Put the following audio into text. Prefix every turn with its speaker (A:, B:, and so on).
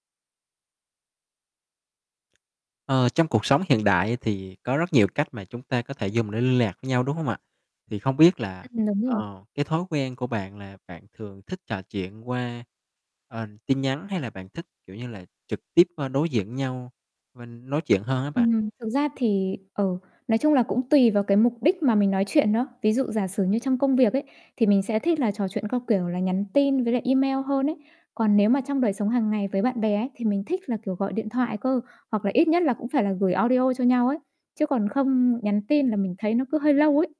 A: Ờ, trong cuộc sống hiện đại á thì có rất nhiều cách mà chúng ta có thể dùng để liên lạc với nhau, đúng không ạ? Thì không biết là,
B: Ừm, đúng rồi.
A: ờ, cái thói quen của bạn là bạn thường thích trò chuyện qua, ờ, tin nhắn hay là bạn thích, kiểu, như là trực tiếp, ơ, đối diện nhau mình nói chuyện hơn á bạn?
B: Ừm, thực ra thì, ờ, nói chung là cũng tùy vào cái mục đích mà mình nói chuyện nữa. Ví dụ giả sử như trong công việc ấy, thì mình sẽ thích là trò chuyện qua, kiểu là, nhắn tin với lại email hơn ấy. Còn nếu mà trong đời sống hằng ngày với bạn bè ấy thì mình thích là, kiểu, gọi điện thoại cơ, hoặc là ít nhất là cũng phải là gửi audio cho nhau ấy, chứ còn không nhắn tin là mình thấy nó cứ hơi lâu ấy.